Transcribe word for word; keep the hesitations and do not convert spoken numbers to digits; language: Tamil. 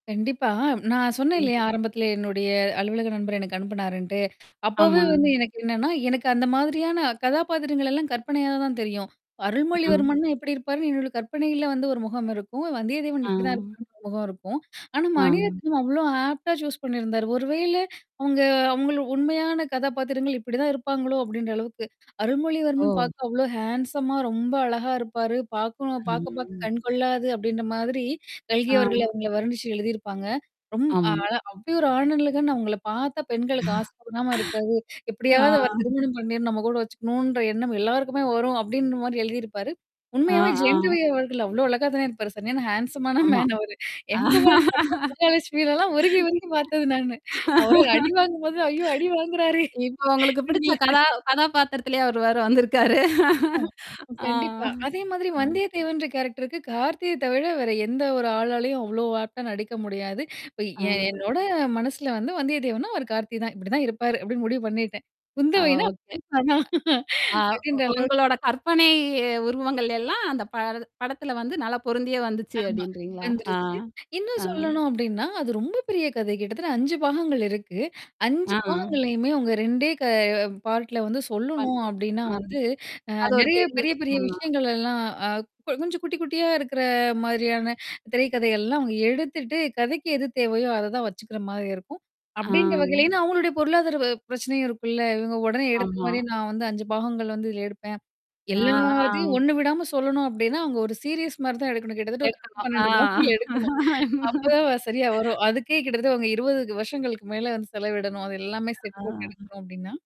கண்டிப்பா. நா சொன்னேன் ம். இல்லையா ஆரம்பத்துலேயே? என்னுடைய அலுவலக நண்பர் எனக்கு அனுப்புனாருன்ட்டு. அப்பவே ஆமா. வந்து எனக்கு என்னன்னா, எனக்கு அந்த மாதிரியான கதாபாத்திரங்களல்லாம் கற்பனையாகத் தான் தெரியும். அருள்மொழி ம். வர்மன்னா எப்படி இருப்பார்ன்னு என்னோட கற்பனையில வந்து ஒரு முகம் இருக்கும், வந்தியதேவன் இப்படி தான் அ. இருக்கணும்ன்னு ஒரு முகம் இருக்கும். ஆனா ஆ. மணிரத்னம் அவ்வளோ ஆப்ட்டா சூஸ் பண்ணிருந்தார். "ஒரு வேளை அவங்க அவங்கள் உண்மையான கதாபாத்திரங்கள் இப்படி தான் இருப்பாங்களோ?" அப்படீன்ற அளவுக்கு. "அருள்மொழி வர்மன் ஓ. பார்க்க அவ்வளோ ஹேண்ட்ஸம்மா ரொம்ப அழகா இருப்பாரு. பார்க்கணும் பாக்க பாக்கக் ம். கண்கொள்ளாது." அப்படீன்ற மாதிரி கல்கி அவர்கள் ஆ. அவங்கள வர்ணிச்சு எழுதியிருப்பாங்க. "ரொம் ஆமாங்க. அழ அப்படியொரு ஆணழகன். அவங்கள பாத்தா பெண்களுக்கு ஆசை தூண்டாம இருக்காது. ஆ. எப்படியாவது அவரைத் திருமணம் பண்ணி, நம்ம கூட வச்சுக்கணும்ன்ற எண்ணம் எல்லாருக்குமே வரும்." அப்படீன்ற மாதிரி எழுதியிருப்பாரு. அ, உண்மையாவே ஜெயம் ரவி ஆ. அவர்கள் அவ்வளோ அழகா தான இருப்பாரு. சரியான ஹேண்ட்ஸம்மான அம்மா. மேன் அவரு. எம். குமரன் சன் ஆஃப் மஹாலக்ஷ்மிலல்லாம் உருகி உருகி பார்த்தது நானு. அவரு அடி வாங்கும் போது, "ஐயோ! அடி வாங்குறாரே!" இப்ப உங்களுக்குப் பிடிச்ச [unintelligible] கதா கதாபாத்திரத்திலே அவரு வேற வந்துருக்காரு. ஆமா, அ. கண்டிப்பா. அதே மாதிரி அ. வந்தயத் தேவன்ற கேரக்டர்க்கு கார்த்தியைத் தவிர வேற எந்த ஒரு ஆளாலையும் அவ்வளோ ஆப்ட்டா நடிக்க முடியாது. இப்ப எ அ. என்னோட மனசுல வந்து, "வந்தயத்தேவன்னா, அவரு கார்த்தி தான். இப்படி தான் இருப்பாரு" அப்படீன்னு முடிவு பண்ணிட்டேன். அ குந்தவைன்னா [unintelligible] ஓகே. "எ ஒ அ அ ஒ அப்படீன்ற அளவுக்கு. உங்களோட கற்பனை உருவங்கள் எல்லாம் அந்தப் படது படத்துல வந்து நல்லா பொருந்தியே வந்துச்சு." ஆமா, அப்படீன்றீங்களா? ஆ, வந்துருச்சு. இன்னும் ஆ. சொல்லணும் அப்படீன்னா, அது ரொம்ப பெரிய கதை. கிட்டத்தட்ட அஞ்சு பாகங்கள் இருக்கு. அஞ்சு ஆ. பாகங்களையுமே அவங்க ரெண்டே க பார்ட்ல வந்து ஃபன் சொல்லணும் அப்படீன்னா [unintelligible] வந்து, அ அது ஒரு நெறைய பெரிய பெரிய பெரிய விஷயம் தான். விஷயங்களல்லாம் அ கொ கொஞ்சம் குட்டி குட்டியா இருக்கிற மாதிரியான திரைக்கதை எல்லாம் அவங்க எடுத்துட்டு, கதைக்கு எது தேவையோ அதைத் தான் வச்சுக்கிற மாரி இருக்கும். அப்படீன்ற வகையிலயும் அ. ஏன்னா அவங்களோடைய பொருளாதார வ பிரச்சனையும் இருக்கும்ல்ல. "இவங்க உடனே எடுத்த ஆமா. மாதிரியே, நா வந்து அஞ்சு பாகங்கள் வந்து இதுல எடுப்பேன். அ எல்லாத்தையும் ஆம். ஒண்ணு விடாம சொல்லணும்." அப்படீன்னா, அவங்க ஒரு சீரியஸ் மாரி தான் எடுக்கணும். கிட்டத்தட்ட ஒரு பத்து, [unintelligible] பன்னெண்டு அ பாகங்கள் எடுக்கணும். அப்பதான் வ சரியா வரும். அதுக்கே கிட்டத்தட்ட அவுங்க இருவது வருஷங்களுக்கு மேல வந்து செலவிடணும், அது எல்லாமே செட்டு போட்டு ஆ. எடுக்கணும் அப்படீன்னா.